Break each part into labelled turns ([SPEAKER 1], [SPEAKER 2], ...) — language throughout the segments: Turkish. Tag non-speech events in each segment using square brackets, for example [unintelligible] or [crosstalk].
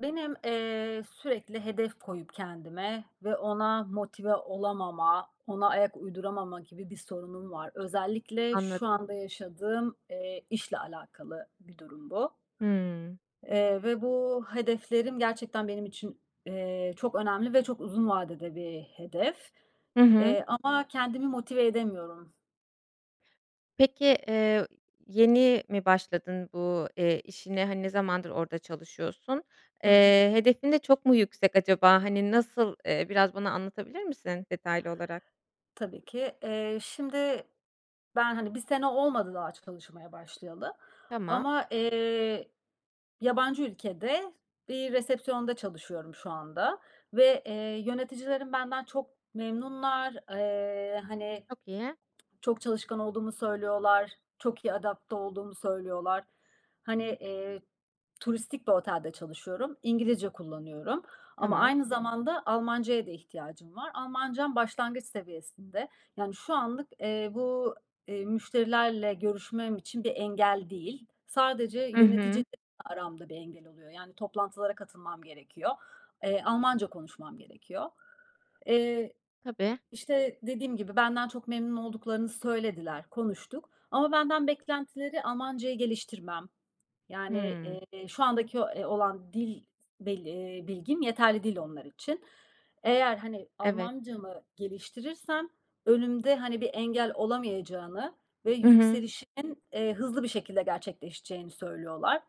[SPEAKER 1] Benim, eee, sürekli hedef koyup kendime ve ona motive olamama, ona ayak uyduramama gibi bir sorunum var. Özellikle şu
[SPEAKER 2] Anladım.
[SPEAKER 1] anda yaşadığım, eee, işle alakalı bir durum bu.
[SPEAKER 2] Hıı.
[SPEAKER 1] Eee, ve bu hedeflerim gerçekten benim için, eee, çok önemli ve çok uzun vadede bir hedef,
[SPEAKER 2] Hı hı.
[SPEAKER 1] eee, ama kendimi motive edemiyorum.
[SPEAKER 2] Peki, eee, yeni mi başladın bu, eee, işine? Hani, ne zamandır orada çalışıyorsun?
[SPEAKER 1] Hı hı.
[SPEAKER 2] Eee, hedefin de çok mu yüksek acaba? Hani nasıl? Eee, biraz bana anlatabilir misin detaylı olarak?
[SPEAKER 1] Tabii ki. Eee, şimdi ben, hani 1 sene olmadı daha çalışmaya başlayalı
[SPEAKER 2] Tamam.
[SPEAKER 1] ama, eee, yabancı ülkede bir resepsiyonda çalışıyorum şu anda ve, eee, yöneticilerim benden çok memnunlar. Eee, hani,
[SPEAKER 2] Çok iyi.
[SPEAKER 1] çok çalışkan olduğumu söylüyorlar. Çok iyi adapte olduğumu söylüyorlar. Hani, eee, turistik bir otelde çalışıyorum. İngilizce kullanıyorum. Ama
[SPEAKER 2] Tamam.
[SPEAKER 1] aynı zamanda Almancaya da ihtiyacım var. Almancam başlangıç seviyesinde. Yani, şu anlık, eee, bu, eee, müşterilerle görüşmem için bir engel değil. Sadece
[SPEAKER 2] Hı
[SPEAKER 1] yöneticiyle
[SPEAKER 2] hı.
[SPEAKER 1] aramda bir engel oluyor. Yani, toplantılara katılmam gerekiyor. Eee, Almanca konuşmam gerekiyor. Eee,
[SPEAKER 2] Tabii.
[SPEAKER 1] işte dediğim gibi benden çok memnun olduklarını söylediler. Konuştuk ama benden beklentileri Almancayı geliştirmem. Yani,
[SPEAKER 2] Hıı.
[SPEAKER 1] eee, şu andaki, eee, olan dil bil eee, bilgim yeterli değil onlar için. Eğer, hani,
[SPEAKER 2] Evet.
[SPEAKER 1] Almancamı geliştirirsem, önümde, hani, bir engel olamayacağını ve
[SPEAKER 2] Hı hı.
[SPEAKER 1] yükselişin, eee, hızlı bir şekilde gerçekleşeceğini söylüyorlar.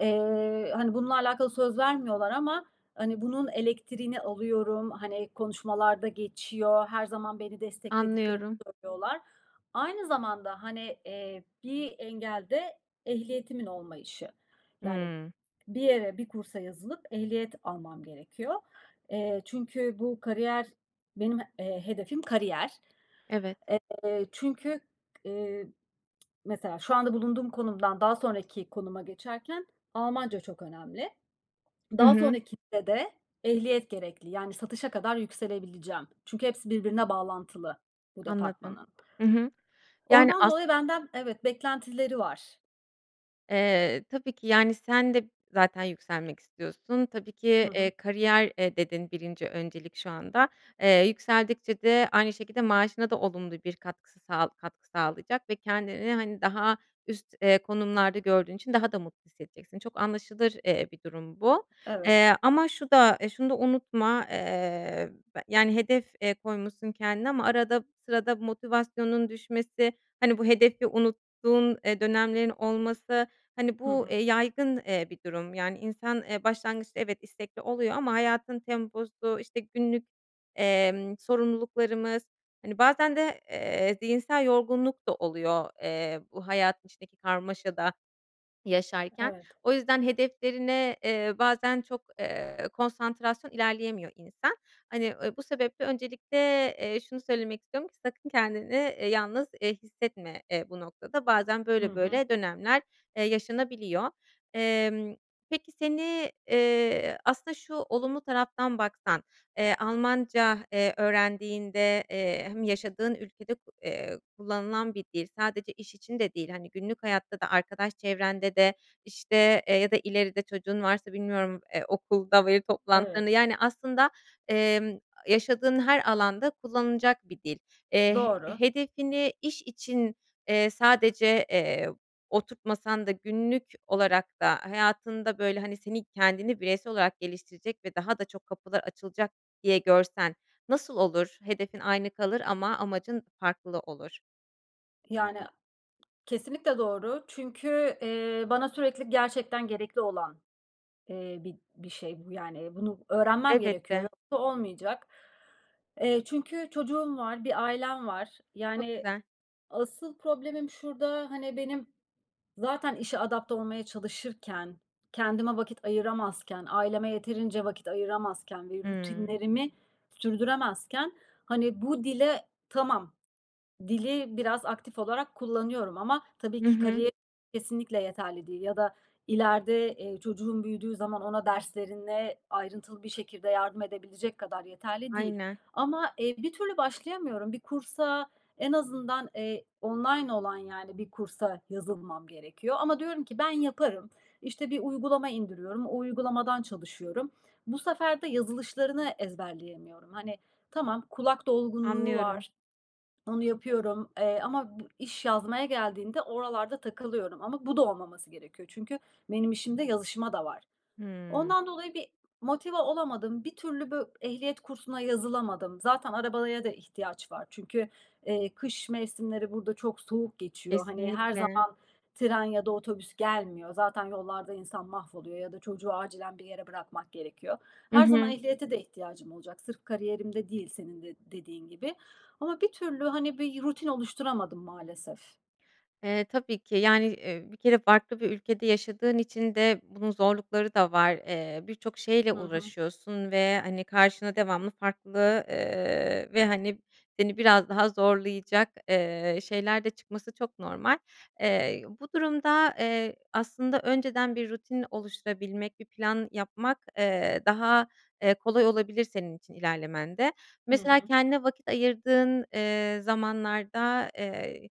[SPEAKER 1] Eee, hani, bununla alakalı söz vermiyorlar ama, hani, bunun elektriğini alıyorum. Hani, konuşmalarda geçiyor. Her zaman beni desteklediklerini
[SPEAKER 2] Anlıyorum.
[SPEAKER 1] söylüyorlar. Aynı zamanda hani, eee, bir engel de ehliyetimin olmayışı. Yani,
[SPEAKER 2] Iıı.
[SPEAKER 1] bir yere, bir kursa yazılıp ehliyet almam gerekiyor. Eee, çünkü bu kariyer, benim, eee, hedefim kariyer.
[SPEAKER 2] Evet.
[SPEAKER 1] Eee, çünkü, k eee, mesela şu anda bulunduğum konumdan daha sonraki konuma geçerken Almanca çok önemli.
[SPEAKER 2] Hı
[SPEAKER 1] Daha
[SPEAKER 2] hı.
[SPEAKER 1] sonrakinde de ehliyet gerekli. Yani satışa kadar yükselebileceğim. Çünkü hepsi birbirine bağlantılı bu
[SPEAKER 2] Anladım.
[SPEAKER 1] departmanın.
[SPEAKER 2] Hı hı. Yani
[SPEAKER 1] Ondan
[SPEAKER 2] as
[SPEAKER 1] dolayı benden evet beklentileri var.
[SPEAKER 2] Eee, tabii ki, yani, sen de zaten yükselmek istiyorsun, tabii ki,
[SPEAKER 1] Hı hı.
[SPEAKER 2] eee, kariyer, eee, dedin 1'nci öncelik şu anda. Eee, yükseldikçe de aynı şekilde maaşına da olumlu bir katkısı sağ katkı sağlayacak ve kendini hani daha üst, eee, konumlarda gördüğün için daha da mutlu hissedeceksin. Çok anlaşılır, eee, bir durum bu.
[SPEAKER 1] Evet.
[SPEAKER 2] Eee, ama şu da şunu da unutma, eee, be yani, hedef, eee, koymuşsun kendine ama arada sırada motivasyonun düşmesi, hani, bu hedefi unuttuğun, eee, dönemlerin olması, hani
[SPEAKER 1] Hı
[SPEAKER 2] bu, eee,
[SPEAKER 1] hı.
[SPEAKER 2] yaygın, eee, bir durum. Yani insan, eee, başlangıçta evet istekli oluyor ama hayatın temposu, işte günlük, emm, sorumluluklarımız, hani, bazen de, eee, zihinsel yorgunluk da oluyor, eee, bu hayat, içindeki karmaşada yaşarken.
[SPEAKER 1] Evet.
[SPEAKER 2] O yüzden hedeflerine, eee, bazen çok, eee, konsantrasyon ilerleyemiyor insan. Hani, ııı, bu sebeple öncelikle, eee, şunu söylemek istiyorum ki sakın kendini, eee, yalnız, eee, hissetme, eee, bu noktada. Bazen
[SPEAKER 1] Hı
[SPEAKER 2] böyle
[SPEAKER 1] hı.
[SPEAKER 2] böyle dönemler, eee, yaşanabiliyor. Emm, peki seni, eee, aslında şu olumlu taraftan baksan, eee, Almanca, eee, öğrendiğinde, eee, hem yaşadığın ülkede ko eee, kullanılan bir dil, sadece iş için de değil, hani, günlük hayatta da, arkadaş çevrende de işte, eee, ya da ileride çocuğun varsa bilmiyorum, eee, okulda veli toplantılarında,
[SPEAKER 1] Evet.
[SPEAKER 2] yani aslında, emm, yaşadığın her alanda kullanılacak bir dil. Eee, he
[SPEAKER 1] Doğru.
[SPEAKER 2] hedefini iş için, eee, sadece, eee, oturtmasan da günlük olarak da hayatında böyle, hani, seni kendini bireysel olarak geliştirecek ve daha da çok kapılar açılacak diye görsen nasıl olur? Hedefin aynı kalır ama amacın farklı olur.
[SPEAKER 1] Yani kesinlikle doğru. Çünkü, eee, bana sürekli gerçekten gerekli olan, eee, bir bir şey bu, yani, bunu öğrenmem gerekiyor.
[SPEAKER 2] Elbette.
[SPEAKER 1] Yoksa olmayacak. Eee, çünkü çocuğum var, bir ailem var.
[SPEAKER 2] Çok
[SPEAKER 1] Yani,
[SPEAKER 2] güzel.
[SPEAKER 1] asıl problemim şurada, hani, benim zaten işe adapte olmaya çalışırken, kendime vakit ayıramazken, aileme yeterince vakit ayıramazken ve
[SPEAKER 2] Hımm.
[SPEAKER 1] rutinlerimi sürdüremezken, hani, bu dile, tamam dili biraz aktif olarak kullanıyorum ama tabii
[SPEAKER 2] Hı
[SPEAKER 1] ki
[SPEAKER 2] hı.
[SPEAKER 1] kariyer [unintelligible] kesinlikle yeterli değil ya da ileride, eee, çocuğum büyüdüğü zaman ona derslerine ayrıntılı bir şekilde yardım edebilecek kadar yeterli değil.
[SPEAKER 2] Aynen.
[SPEAKER 1] Ama, eee, bir türlü başlayamıyorum. Bir kursa, en azından, eee, online olan, yani, bir kursa yazılmam gerekiyor ama diyorum ki ben yaparım. İşte, bir uygulama indiriyorum, o uygulamadan çalışıyorum. Bu sefer de yazılışlarını ezberleyemiyorum. Hani, tamam kulak dolgunluğu
[SPEAKER 2] Anlıyorum.
[SPEAKER 1] var, onu yapıyorum, eee, ama iş yazmaya geldiğinde oralarda takılıyorum. Ama bu da olmaması gerekiyor. Çünkü benim işimde yazışma da var.
[SPEAKER 2] Hımm.
[SPEAKER 1] Ondan dolayı bir motive olamadım. Bir türlü bö ehliyet kursuna yazılamadım. Zaten arabaya da ihtiyaç var. Çünkü, eee, kış mevsimleri burada çok soğuk geçiyor. Hani, her
[SPEAKER 2] Kesinlikle.
[SPEAKER 1] zaman tren ya da otobüs gelmiyor. Zaten yollarda insan mahvoluyor ya da çocuğu acilen bir yere bırakmak gerekiyor.
[SPEAKER 2] Hı
[SPEAKER 1] Her zaman
[SPEAKER 2] hı.
[SPEAKER 1] ehliyete de ihtiyacım olacak. Sırf kariyerimde değil, senin de dediğin gibi. Ama bir türlü, hani, bir rutin oluşturamadım maalesef.
[SPEAKER 2] Eee, tabii ki, yani, eee, bir kere farklı bir ülkede yaşadığın için de bunun zorlukları da var. Eee, birçok şeyle
[SPEAKER 1] Hı hı.
[SPEAKER 2] uğraşıyorsun ve, hani, karşına devamlı farklı, ııı, ve, hani, seni biraz daha zorlayacak, eee, şeyler de çıkması çok normal. Eee, bu durumda, eee, aslında, önceden bir rutin oluşturabilmek, bir plan yapmak, eee, daha, eee, kolay olabilir senin için ilerlemende.
[SPEAKER 1] Hı
[SPEAKER 2] Mesela,
[SPEAKER 1] hı.
[SPEAKER 2] kendine vakit ayırdığın, eee, zamanlarda, eee,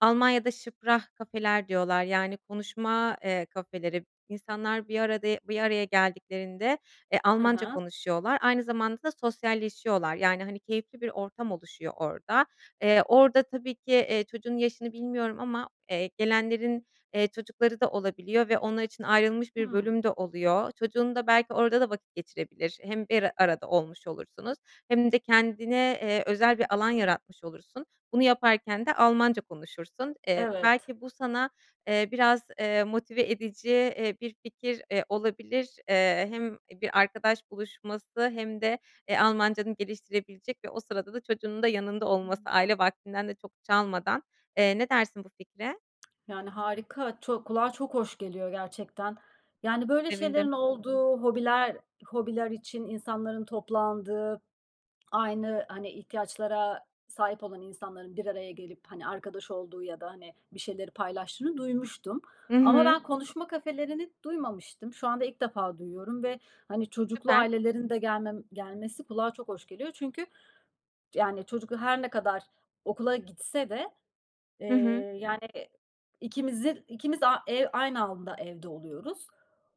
[SPEAKER 2] Almanya’da "sprachcafeler" diyorlar, yani, konuşma, eee, kafeleri. İnsanlar bir arada bir araya geldiklerinde, eee,
[SPEAKER 1] He
[SPEAKER 2] Almanca
[SPEAKER 1] he.
[SPEAKER 2] konuşuyorlar, aynı zamanda da sosyalleşiyorlar. Yani, hani, keyifli bir ortam oluşuyor orada. Eee, orada tabii ki, eee, çocuğunun yaşını bilmiyorum ama, eee, gelenlerin, eee, çocukları da olabiliyor ve onlar için ayrılmış bir
[SPEAKER 1] Hımm.
[SPEAKER 2] bölüm de oluyor. Çocuğun da belki orada da vakit geçirebilir. Hem bir arada olmuş olursunuz hem de kendine, eee, özel bir alan yaratmış olursun. Bunu yaparken de Almanca konuşursun. Eee,
[SPEAKER 1] Evet.
[SPEAKER 2] belki bu sana, eee, biraz, eee, motive edici, eee, bir fikir, eee, olabilir. Eee, hem bir arkadaş buluşması hem de, eee, Almancanı geliştirebilecek ve o sırada da çocuğunun da yanında olması, aile vaktinden de çok çalmadan. Eee, ne dersin bu fikre?
[SPEAKER 1] Yani, harika, ço kulağa çok hoş geliyor gerçekten. Yani,
[SPEAKER 2] Çok
[SPEAKER 1] böyle
[SPEAKER 2] sevindim.
[SPEAKER 1] şeylerin olduğu, hobiler hobiler için insanların toplandığı, aynı, hani, ihtiyaçlara sahip olan insanların bir araya gelip, hani, arkadaş olduğu ya da, hani, bir şeyleri paylaştığını duymuştum
[SPEAKER 2] Hı
[SPEAKER 1] ama
[SPEAKER 2] hı.
[SPEAKER 1] ben konuşma kafelerini duymamıştım. Şu anda ilk defa duyuyorum ve, hani, çocuklu
[SPEAKER 2] Süper.
[SPEAKER 1] ailelerin de gelmem gelmesi kulağa çok hoş geliyor. Çünkü, yani, çocuk da her ne kadar okula gitse de, eee,
[SPEAKER 2] Hı hı.
[SPEAKER 1] yani, ikimizin ikimiz, a eee, aynı anda evde oluyoruz.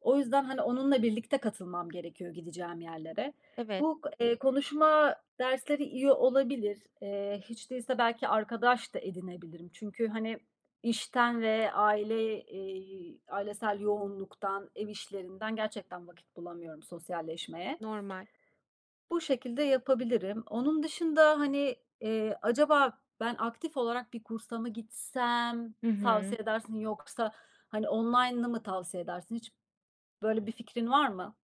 [SPEAKER 1] O yüzden, hani, onunla birlikte katılmam gerekiyor gideceğim yerlere.
[SPEAKER 2] Evet.
[SPEAKER 1] Bu, eee, konuşma dersleri iyi olabilir. Eee, hiç değilse belki arkadaş da edinebilirim çünkü, hani, işten ve aile, eee, ailesel yoğunluktan, ev işlerinden gerçekten vakit bulamıyorum sosyalleşmeye.
[SPEAKER 2] Normal.
[SPEAKER 1] Bu şekilde yapabilirim. Onun dışında, hani, eee, acaba ben aktif olarak bir kursa mı gitsem
[SPEAKER 2] Hı hı.
[SPEAKER 1] tavsiye edersin yoksa, hani, online'ı mı tavsiye edersin hiç böyle bir fikrin var mı?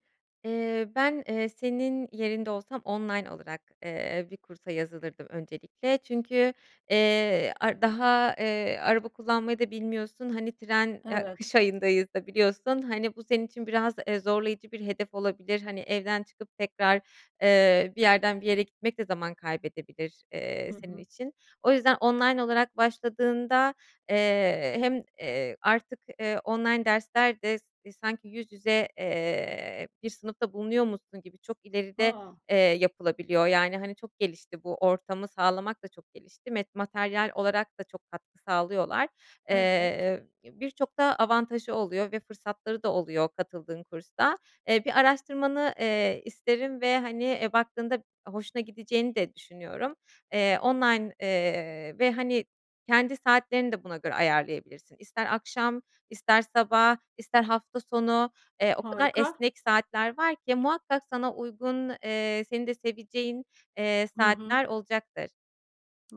[SPEAKER 2] Eee, ben, eee, senin yerinde olsam online olarak, eee, bir kursa yazılırdım öncelikle. Çünkü, eee, ar daha, eee, araba kullanmayı da bilmiyorsun, hani, tren, a
[SPEAKER 1] Evet.
[SPEAKER 2] kış ayındayız da biliyorsun, hani, bu senin için biraz, eee, zorlayıcı bir hedef olabilir. Hani, evden çıkıp tekrar, eee, bir yerden bir yere gitmek de zaman kaybedebilir, eee,
[SPEAKER 1] Hı
[SPEAKER 2] senin
[SPEAKER 1] hı.
[SPEAKER 2] için. O yüzden online olarak başladığında, eee, hem, eee, artık, eee, online dersler de s sanki yüz yüze, eee, bir sınıfta bulunuyormuşsun gibi çok ileride,
[SPEAKER 1] A!
[SPEAKER 2] eee, yapılabiliyor. Yani, hani, çok gelişti, bu ortamı sağlamak da çok gelişti, met materyal olarak da çok katkı sağlıyorlar.
[SPEAKER 1] Evet.
[SPEAKER 2] Eee, birçok da avantajı oluyor ve fırsatları da oluyor katıldığın kursta. Eee, bir araştırmanı, eee, isterim ve, hani, eee, baktığında hoşuna gideceğini de düşünüyorum. Eee, online, eee, ve, hani, kendi saatlerini de buna göre ayarlayabilirsin. İster akşam, ister sabah, ister hafta sonu, eee, o kadar
[SPEAKER 1] Harika.
[SPEAKER 2] esnek saatler var ki muhakkak sana uygun, eee, senin de seveceğin, eee,
[SPEAKER 1] Hı hı.
[SPEAKER 2] saatler olacaktır.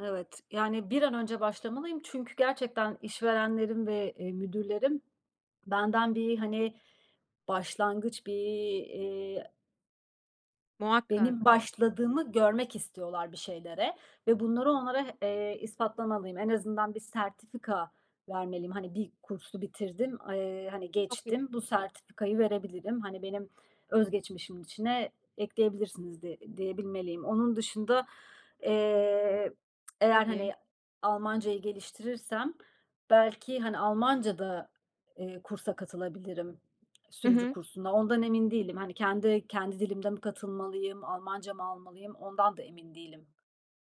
[SPEAKER 1] Evet. Yani, bir an önce başlamalıyım çünkü gerçekten işverenlerim ve, eee, müdürlerim benden bir, hani, başlangıç, bir, eee benim
[SPEAKER 2] Muhakkak.
[SPEAKER 1] başladığımı görmek istiyorlar bir şeylere ve bunları onlara h eee, ispatlamalıyım. En azından bir sertifika vermeliyim. Hani, bir kursu bitirdim. Eee, hani,
[SPEAKER 2] Çok i
[SPEAKER 1] geçtim bu sertifikayı verebilirim. Hani, benim öz geçmişimin içine ekleyebilirsiniz diye diyebilmeliyim. Onun dışında, eee, eğer, [tsk] hani,
[SPEAKER 2] Tabii.
[SPEAKER 1] Almancayı geliştirirsem belki, hani, Almancada, eee, kursa katılabilirim
[SPEAKER 2] Hı
[SPEAKER 1] sürücü
[SPEAKER 2] hı.
[SPEAKER 1] kursuna. Ondan emin değilim. Hani, kendi kendi dilimde mi katılmalıyım, Almanca mı almalıyım ondan da emin değilim.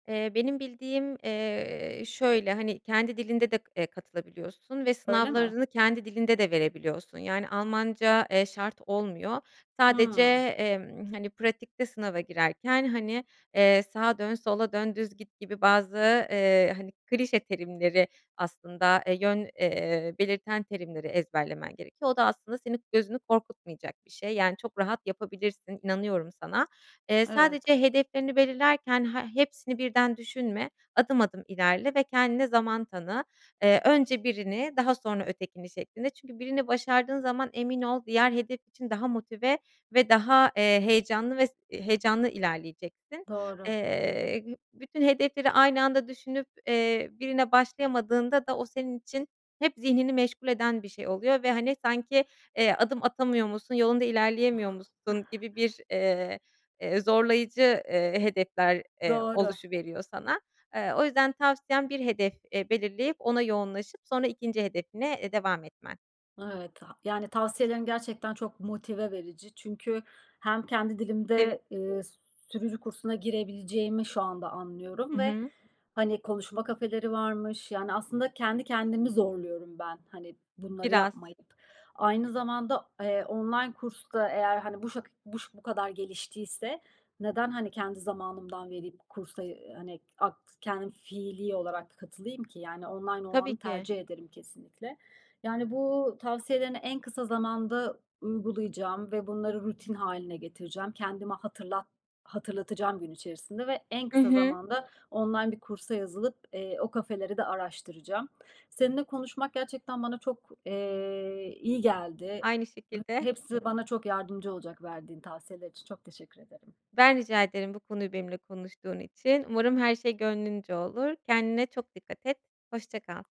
[SPEAKER 2] Eee, benim bildiğim, eee, şöyle, hani, kendi dilinde de, eee, katılabiliyorsun ve
[SPEAKER 1] Öyle mi?
[SPEAKER 2] sınavlarını kendi dilinde de verebiliyorsun. Yani, Almanca, eee, şart olmuyor. Sadece,
[SPEAKER 1] Hıı.
[SPEAKER 2] emm, hani, pratikte sınava girerken, hani, eee, sağa dön, sola dön, düz git gibi bazı, eee, hani, klişe terimleri aslında, eee, yön, eee, belirten terimleri ezberlemen gerekiyor. O da aslında senin gözünü korkutmayacak bir şey, yani, çok rahat yapabilirsin, inanıyorum sana. Eee,
[SPEAKER 1] Evet.
[SPEAKER 2] sadece hedeflerini belirlerken he hepsini birden düşünme, adım adım ilerle ve kendine zaman tanı. Eee, önce birini, daha sonra ötekini şeklinde. Çünkü birini başardığın zaman emin ol diğer hedef için daha motive ve daha, eee, heyecanlı ve s heyecanlı ilerleyeceksin.
[SPEAKER 1] Doğru.
[SPEAKER 2] Eee, bütün hedefleri aynı anda düşünüp, eee, birine başlayamadığında da o senin için hep zihnini meşgul eden bir şey oluyor ve, hani, sanki, eee, adım atamıyormuşsun, yolunda
[SPEAKER 1] [chuckles]
[SPEAKER 2] ilerleyemiyormuşsun gibi bir, eee, eee, zorlayıcı, eee, hedefler, eee,
[SPEAKER 1] Doğru.
[SPEAKER 2] oluşuveriyor sana. Eee, o yüzden tavsiyem bir hedef, eee, belirleyip ona yoğunlaşıp sonra 2'nci hedefine, eee, devam etmen.
[SPEAKER 1] Evet. Ha yani, tavsiyelerin gerçekten çok motive verici. Çünkü hem kendi dilimde,
[SPEAKER 2] Sevindim.
[SPEAKER 1] eee, s sürücü kursuna girebileceğimi şu anda anlıyorum
[SPEAKER 2] Hı
[SPEAKER 1] ve,
[SPEAKER 2] hı.
[SPEAKER 1] hani, konuşma kafeleri varmış. Yani, aslında kendi kendimi zorluyorum ben, hani, bunları
[SPEAKER 2] Biraz.
[SPEAKER 1] yapmayıp. Aynı zamanda, eee, online kurs da eğer, hani, buşak buş bu kadar geliştiyse neden, hani, kendi zamanımdan verip kursa, eee, hani, ak kendim fiilî olarak katılayım ki? Yani online
[SPEAKER 2] Tabii
[SPEAKER 1] olanı
[SPEAKER 2] ki.
[SPEAKER 1] tercih ederim kesinlikle. Yani, bu tavsiyelerini en kısa zamanda uygulayacağım ve bunları rutin hâline getireceğim. Kendime hatırlat hatırlatacağım gün içerisinde ve en
[SPEAKER 2] I
[SPEAKER 1] kısa
[SPEAKER 2] hı.
[SPEAKER 1] zamanda online bir kursa yazılıp, eee, o kafeleri de araştıracağım. Seninle konuşmak gerçekten bana çok, eee, iyi geldi.
[SPEAKER 2] Aynı
[SPEAKER 1] Ba
[SPEAKER 2] şekilde.
[SPEAKER 1] hepsi bana çok yardımcı olacak, verdiğin tavsiyeler için çok teşekkür ederim.
[SPEAKER 2] Ben, rica ederim bu konuyu benimle konuştuğun için. Umarım her şey gönlünce olur. Kendine çok dikkat et. Hoşça kal.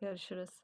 [SPEAKER 1] Görüşürüz.